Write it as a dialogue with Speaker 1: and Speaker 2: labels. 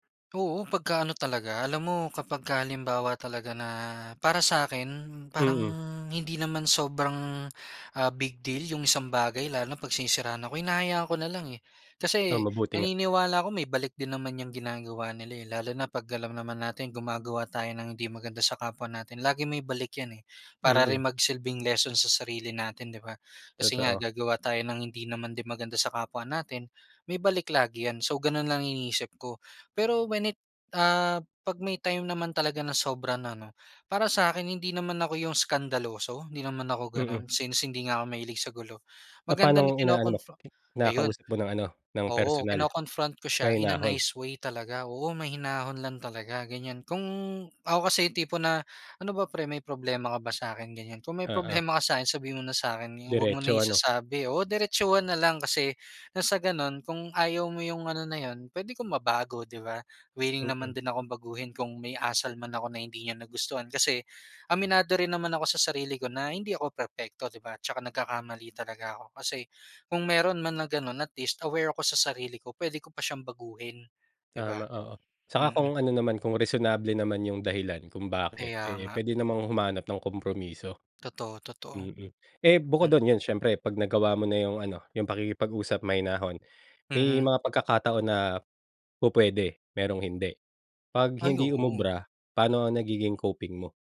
Speaker 1: Oo, pagka-ano talaga, alam mo, kapagka halimbawa talaga na, para sa'kin, parang
Speaker 2: Mm.
Speaker 1: hindi naman sobrang, ah, big deal 'yong isang bagay, lalo na 'pag sinisiraan ako, hinahayaan ko na lang, eh.
Speaker 2: Oh,
Speaker 1: Kasi,
Speaker 2: mabuti nga.
Speaker 1: naniniwala ako may balik din naman yang ginagawa nila, eh, lalo na 'pag alam naman nating gumagawa tayo ng hindi maganda sa kapwa natin, lagi may balik 'yan, eh. Para
Speaker 2: Mm.
Speaker 1: rin magsilbing lesson sa sarili natin, 'di ba, kasi nga
Speaker 2: Totoo.
Speaker 1: gagawa tayo ng hindi naman din maganda sa kapwa natin, may balik lagi 'yan. So, gano'n lang iniisip ko. Pero, when it ah, 'pag may time naman talaga na sobra na, 'no, para sa'kin hindi naman ako 'yong eskandaloso, hindi naman ako
Speaker 2: Mm.
Speaker 1: gano'n, since, hindi nga ako mahilig sa gulo. Maganda na
Speaker 2: Papano'ng inaano mo?
Speaker 1: kino-confro ayun,
Speaker 2: Kinakausap mo ng ano, ng
Speaker 1: oo,
Speaker 2: personal.
Speaker 1: kino-confront ko siya in a
Speaker 2: Mahinahon.
Speaker 1: nice way talaga, oo, mahinahon lang talaga, ganiyan. Kung ako kasi 'yong tipo na, "Ano ba pre, may problema ka ba sa'kin", ganiyan, "Kung may
Speaker 2: Oo.
Speaker 1: problema ka sa'kin, sabihin mo na sa'kin, 'yo huwag mo na
Speaker 2: Diretso, ano.
Speaker 1: isasabi." Oo, diretsuhan na lang. Kasi, ng sa gano'n kung ayaw mo 'yong ano na 'yon, puwede kong mabago, 'di ba, wiling naman
Speaker 2: Mm.
Speaker 1: din akong baguhin kung may asal man ako na hindi niya nagustuhan. Kasi, aminado rin naman ako sa sarili ko na, hindi ako perpekto, 'di ba, 'tsaka nagkakamali talaga ako. Kasi, kung meron man na gano'n, at least aware ko sa sarili ko, puwede ko pa siyang baguhin, 'di
Speaker 2: Tama,
Speaker 1: ba.
Speaker 2: oo. Saka
Speaker 1: Mm.
Speaker 2: kung ano naman, kung reasonable naman 'yong dahilan, kung bakit,
Speaker 1: Kaya
Speaker 2: eh,
Speaker 1: nga.
Speaker 2: puwede namang humanap ng kompromiso.
Speaker 1: Totoo, totoo.
Speaker 2: Mm, eh, bukod
Speaker 1: Hmm?
Speaker 2: do'n, 'yon siyempre, pag nagawa mo na 'yong ano, 'yong pakikipag-usap, mahinahon, may
Speaker 1: Mhm.
Speaker 2: mga pagkakataon na pupuwede, merong hindi. 'Pag
Speaker 1: Ay,
Speaker 2: hindi
Speaker 1: oo.
Speaker 2: umubra, paano ang nagiging coping mo?